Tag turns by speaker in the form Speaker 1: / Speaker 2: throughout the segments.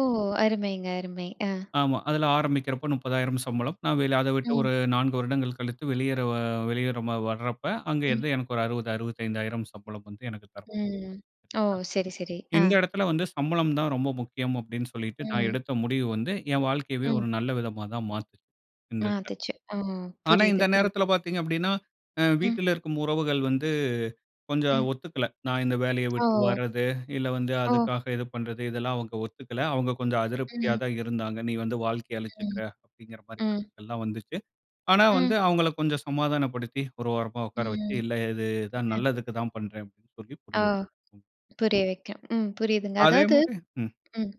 Speaker 1: ஓ அருமைங்க. அருமை ஆ.
Speaker 2: ஆமா அதில ஆரம்பிக்கிறப்போ ₹30,000 சம்பளம் நான் வேல அதை விட்ட
Speaker 1: ம்.
Speaker 2: ஒரு 4 வருடங்கள் கழித்து, வெளியேற வா வெளியேற ம வரப்ப, அங்கே
Speaker 1: ம்.
Speaker 2: இருந்து எனக்கு ஒரு ₹60,000 ₹65,000 சம்பளம் வந்து எனக்கு தர,
Speaker 1: ம், ஓ
Speaker 2: சரிங்களா,
Speaker 1: சரி சரி ஆ,
Speaker 2: இந்த எடத்தில வந்து, சம்பளம் தான் ரொம்ப முக்கியம் அப்படின்னு சொல்லிட்டு நான்
Speaker 1: ம்.
Speaker 2: எடுத்த முடிவு வந்து, என் வாழ்க்கையவே
Speaker 1: ம்.
Speaker 2: ஒரு நல்ல விதமா தான் மாத்துது இந்த இதுல.
Speaker 1: மாத்துச்சு அ
Speaker 2: ஆனா
Speaker 1: புரியுது,
Speaker 2: இந்த
Speaker 1: புரியுது.
Speaker 2: நேரத்தில பாத்தீங்க அப்படின்னா, அ
Speaker 1: ம்.
Speaker 2: வீட்டில இருக்கும் உறவுகள் வந்து,
Speaker 1: ம்.
Speaker 2: கொஞ்சம் ஒத்துக்கலை. நான் இந்த வேலையை விட்டு
Speaker 1: ஓ.
Speaker 2: வரது, இல்ல வந்து
Speaker 1: ஓ.
Speaker 2: அதுக்காக இது பண்றது, இதெல்லாம் அவுங்க ஒத்துக்கல. அவுங்க கொஞ்சம் அதிருப்தியா
Speaker 1: ம்.
Speaker 2: தான் இருந்தாங்க. "நீ வந்து வாழ்க்கைய அழிச்சுக்குற." அப்டிங்குற மாரி
Speaker 1: ம்.
Speaker 2: கருத்துக்கள் எல்லாம் வந்துச்சு. ஆனா, வந்து
Speaker 1: ம்.
Speaker 2: அவுங்கள கொஞ்சம் சமாதானப்படுத்தி, ஒரு ஓரமா உக்கார வச்சி,
Speaker 1: ம்,
Speaker 2: இல்லை இது தான், நல்லதுக்கு தான் பண்றேன் அப்படி என்று சொல்லி
Speaker 1: ஆ
Speaker 2: புரிய வ, ம்.
Speaker 1: புரிய வைக்கும். ம் புரியுதுங்க.
Speaker 2: அதே
Speaker 1: அதாவது
Speaker 2: மாரி, ம்,
Speaker 1: ம்.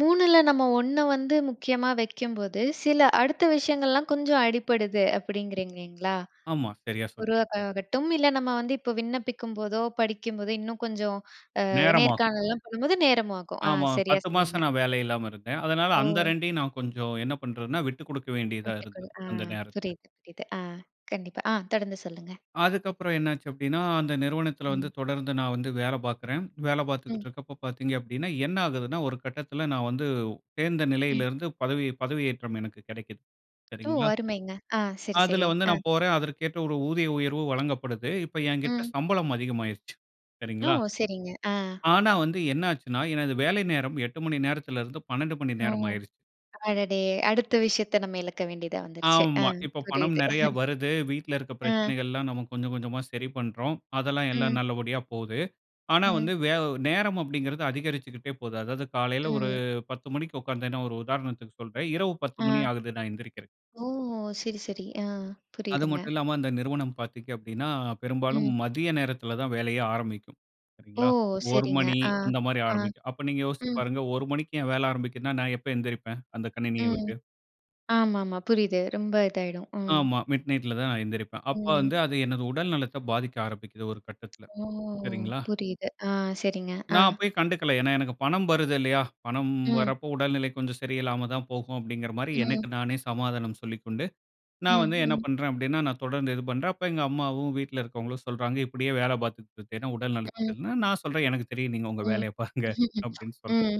Speaker 1: 3 நம்ம 1 வந்து முக்கியமா வைக்கும்போது, சில அடுத்த விஷயங்கள்லாம் கொஞ்சம் அடிபடுது. அப்படிங்கிறீங்கங்களா?
Speaker 2: ஆமா. சரியா சொன்னீ,
Speaker 1: உருவாக்க ஆகட்டும், இல்லை நம்ம வந்து இப்போ விண்ணப்பிக்கும்போதோ, படிக்கும்போதோ இன்னும் கொஞ்சம் அ
Speaker 2: நேரமாகும்.
Speaker 1: நேர்காணலலாம் பண்ணும்போது, நேரமும் ஆகும். அ
Speaker 2: ஆமா,
Speaker 1: சரியா
Speaker 2: 10
Speaker 1: சொன்னீங்க.
Speaker 2: மாசம் நான் வேலை இல்லாம இருந்தேன். அதனால
Speaker 1: ஓ,
Speaker 2: அந்த 2 நான் கொஞ்சம் என்ன பண்றதுன்னா, விட்டுக் குடுக்க வேண்டியதா
Speaker 1: வீட்டுக்குள்
Speaker 2: இருந்தது.
Speaker 1: ஆ,
Speaker 2: அந்த நேரத்தில.
Speaker 1: புரியுது புரியுது ஆ, கண்டிப்பா ஆ தொடர்ந்து சொல்லுங்க.
Speaker 2: அதுக்கப்புறம் என்னாச்சு அப்டின்னா, அந்த நிறுவனத்தில வந்து
Speaker 1: ம்.
Speaker 2: தொடர்ந்து நான் வந்து வேலை பாக்கிறேன். வேலை பாத்துக்கிட்டு
Speaker 1: ம்.
Speaker 2: இருக்கப்போ பாத்தீங்க அப்டின்னா, என்ன ஆகுதுன்னா, ஒரு கட்டத்தில நான் வந்து சேந்த
Speaker 1: ம்.
Speaker 2: நிலையிலிருந்து பதவி, பதவியேற்றம் எனக்கு கிடைக்குது.
Speaker 1: ஓ
Speaker 2: சரிங்களா.
Speaker 1: அருமைங்க. ஆ சரி
Speaker 2: அதில
Speaker 1: சரி.
Speaker 2: வந்து
Speaker 1: ஆ,
Speaker 2: நான் போறேன் அதற்கேற்ற ஒரு ஊதிய உயர்வு வழங்கப்படுது. இப்போ என்கிட்ட
Speaker 1: அ,
Speaker 2: சம்பளம் அதிகமாயிருச்சு
Speaker 1: ஓ
Speaker 2: சரிங்களா,
Speaker 1: சரிங்க. ஆ,
Speaker 2: ஆனா வந்து என்ன ஆச்சுன்னா எனது வேலை நேரம் 8 மணி நேரத்தில இருந்து 12 மணி
Speaker 1: ஓ
Speaker 2: நேரம் ஆயிருச்சு.
Speaker 1: அடடே! அடுத்த விஷயத்தை நம்ம இழக்க வேண்டியதா வந்துருச்சு அ
Speaker 2: ஆமா. இப்போ பணம்
Speaker 1: புரியுது.
Speaker 2: நெறைய வருது. வீட்டில இருக்க
Speaker 1: ஆ,
Speaker 2: பிரச்சனைகள் எல்லாம் நம்ம கொஞ்சம் கொஞ்சமா சரி பண்ணுறோம். அதெல்லாம் எல்லாம்
Speaker 1: ம்.
Speaker 2: நல்லபடியா போது. ஆனா வந்து
Speaker 1: ம்.
Speaker 2: வே நேரம் அப்டிங்குறது அதிகரிச்சுகிட்டே போது. அதாவது காலையில ஒரு
Speaker 1: ம்.
Speaker 2: 10 மணிக்கு உக்காந்தேன்னா ஒரு உதாரணத்துக்கு சொல்றேன். இரவு 10 மணி
Speaker 1: ஆ,
Speaker 2: ஆகுது நான் எந்திரிக்கிறதுக்கு.
Speaker 1: ஓ சரி சரி ஆ
Speaker 2: அது
Speaker 1: புரியுதுங்க.
Speaker 2: மட்டும் இல்லாம, இந்த நிறுவனம் பாத்தீங்க அப்டின்னா, பெரும்பாலும்
Speaker 1: ம்.
Speaker 2: மதிய நேரத்தில தான் வேலையே ஆரம்பிக்கும்.
Speaker 1: ஓ!
Speaker 2: சரிங்களா, 1
Speaker 1: சரிங்க.
Speaker 2: மணி
Speaker 1: ஆ
Speaker 2: அந்த மாரி
Speaker 1: ஆ
Speaker 2: ஆரம்பிக்கும். அப்ப நீங்க யோசிச்சு
Speaker 1: ம்.
Speaker 2: பாருங்க. 1 மணிக்கு என் வேலை ஆரம்பிக்கிதுன்னா, நான் எப்ப எழுந்திரிப்பேன்? அந்த கணினிய
Speaker 1: ம்.
Speaker 2: விட்டு,
Speaker 1: ஆமா, ஆமா புரியுது ரொம்ப இதாயிடும்.
Speaker 2: ஆமா, மிட்நைட்ல தான் நான் எந்திரிப்பேன். அப்ப வந்து
Speaker 1: ம்.
Speaker 2: அது எனது உடல் நலத்தை பாதிக்க ஆரம்பிக்கிது. ஒரு கட்டத்தில
Speaker 1: ஓ
Speaker 2: சரிங்களா,
Speaker 1: புரியுது சரிங்க ஆ சரிங்க. ஆ.
Speaker 2: நான் அப்பைய கண்டுக்கல. ஏன்னா எனக்கு பணம் வருது இல்லையா? பணம்
Speaker 1: ம்.
Speaker 2: வரப்போ, உடல்நிலை கொஞ்சம் சரியில்லாம தான் போகும் அப்டிங்குற மாரி
Speaker 1: ம்.
Speaker 2: எனக்கு நானே சமாதானம் சொல்லிக்கொண்டு, நான்
Speaker 1: ம்.
Speaker 2: வந்து என்ன
Speaker 1: ம்.
Speaker 2: பண்ணுறேன் அப்படின்னா, நான் தொடர்ந்து இது பண்ணுறேன். அப்போ எங்க அம்மாவும், வீட்ல இருக்கிவங்களும் சொல்றாங்க, இப்படியே வேலை பாத்துக்ட் திரிஞ்சேன்னா உடல் நலத்துக்கு,
Speaker 1: ம்.
Speaker 2: கேடுன்னா, நான் சொல்றேன் "எனக்கு தெரியும். நீங்க உங்க
Speaker 1: ம்.
Speaker 2: வேலையை பாருங்க"அப்டின்னு சொல்கிறேன்.
Speaker 1: ம்.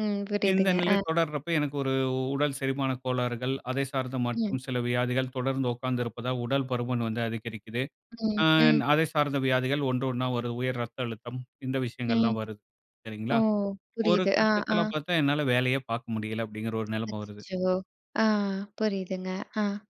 Speaker 1: ம்.
Speaker 2: இந்த
Speaker 1: புரியுதுங்க.
Speaker 2: நிலை
Speaker 1: ஆ,
Speaker 2: தொடர்றப்போ, எனக்கு ஒரு உடல் செரிமான கோளாறுகள், அதைச் சார்ந்த
Speaker 1: ம்.
Speaker 2: மற்றும் சில வியாதிகள், தொடர்ந்து உக்காந்திருப்பதால் உடல் பருமன் வந்து அதிகரிக்குது.
Speaker 1: ம்
Speaker 2: அன்
Speaker 1: ம்.
Speaker 2: அதை சார்ந்த வியாதிகள், 1 1 வருது. உயர் ரத்த அழுத்தம், இந்த
Speaker 1: ம்.
Speaker 2: விஷயங்கள்லாம் வருது.
Speaker 1: ஓ
Speaker 2: சரிங்களா, ஒரு
Speaker 1: புரியுது ஆ, ஆ,
Speaker 2: கட்டத்தில பாத்தா, என்னால வேலையே பாக்க முடியலை அப்படிங்கிற ஒரு நிலைமை வருது.
Speaker 1: அச்சச்சோ! ஆ புரியுதுங்க ஆ.